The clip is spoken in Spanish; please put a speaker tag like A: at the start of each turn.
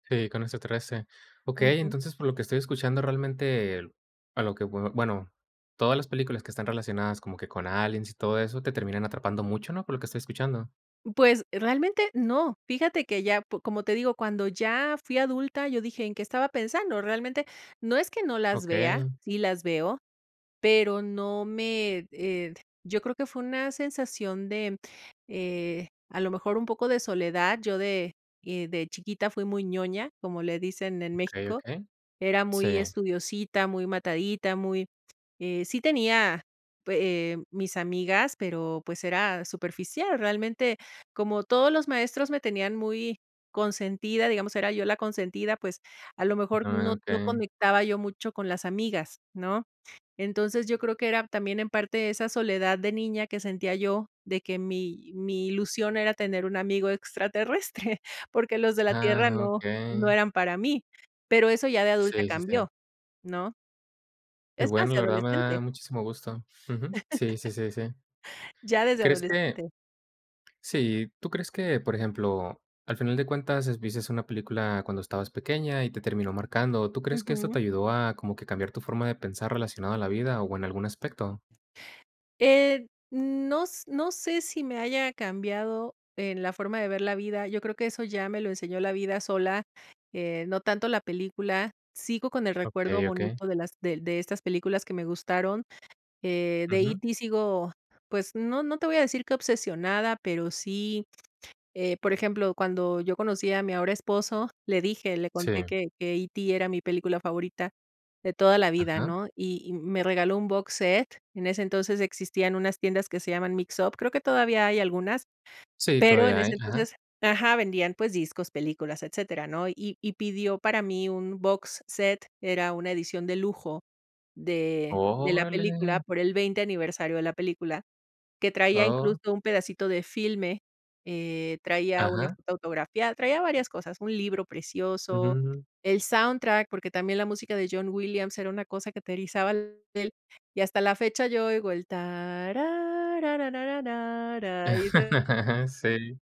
A: Sí, con este 13. Okey,
B: Ujú.
A: entonces, por lo que estoy escuchando realmente, el a lo que, bueno, todas las películas, que están relacionadas como que con aliens, y todo eso, te terminan atrapando mucho, ¿no? Por lo que estoy escuchando.
B: Pues, realmente no. Fíjate que ya, pu como te digo, cuando ya fui adulta, yo dije: "¿En qué estaba pensando?", realmente. No es que no las vea,
A: Okey.
B: sí las veo, pero no me, eh, d yo creo que fue una sensación de, eh, a lo mejor, un poco de soledad. Yo de, eh, de chiquita fui muy ñoña, como le dicen en
A: Okey,
B: México.
A: okey.
B: Era
A: Sí.
B: muy estudiosita, muy matadita, muy eh, sí tenía pu eh, mis amigas, pero, pues, era superficial, realmente. Como todos los maestros, me tenían muy consentida, digamos, era yo la consentida, pues, a lo mejor
A: Ah,
B: no no
A: okey.
B: conectaba yo mucho con las amigas, ¿no? Entonces, yo creo que era también, en parte esa soledad de niña que sentía yo, de que mi mi ilusión era tener un amigo extraterrestre, porque los de la tierra
A: Ah,
B: no no
A: okey.
B: eran para mí. Pero, eso ya de adulta
A: Sí, sí, sí.
B: cambió, ¿no?
A: Qué
B: Es más,
A: bueno,
B: de
A: la verdad me da
B: adolescente.
A: muchísimo gusto. Ujú. Sí, sí, sí, sí,
B: Ya, desde
A: ¿crees que?
B: adolescente.
A: Sí, ¿tú crees que, por ejemplo, al final de cuentas, es viste una película cuando estabas pequeña, y te terminó marcando? ¿Tú crees que esto
B: Ujú.
A: te ayudó, a como que cambiar tu forma de pensar relacionado a la vida, o, en algún aspecto?
B: Eh, no s no sé, si me haya cambiado, en la forma de ver la vida. Yo creo que eso ya me lo enseñó la vida sola, eh, no tanto la película. Sigo con el recuerdo
A: Okey, okey.
B: bonito de las de de estas películas que me gustaron. Eh, de
A: Ujú.
B: E.T sigo, pues, no no te voy a decir qué obsesionada, pero sí, eh, por ejemplo, cuando yo conocí a mi ahora esposo, le dije, le conté
A: Sí.
B: que que E.T, era mi película favorita, de toda la vida,
A: Ajá.
B: ¿no? Y y me regaló un box set. En ese entonces, existían unas tiendas que se llaman Mixup, creo que todavía hay algunas,
A: Sí,
B: pero en
A: todavia
B: ese
A: hay, ajá.
B: entonces ajá, vendían, pues, discos, películas, etcétera, ¿no? Y y pidió para mí un box set, era una edición de lujo de de la película,
A: ¡Órale!
B: por el 20 aniversario de la película, que traía
A: Oh.
B: incluso un pedacito de filme, eh, traía una
A: Ajá.
B: foto autografia traía varias cosas, un libro precioso,
A: Ujú.
B: el soundtrack, porque, también la música de John Williams era una cosa que te erizaba la piel y hasta la fecha, yo oigo el ta, ra, ra, ra, ra, ra, y [unintelligible]
A: Sí.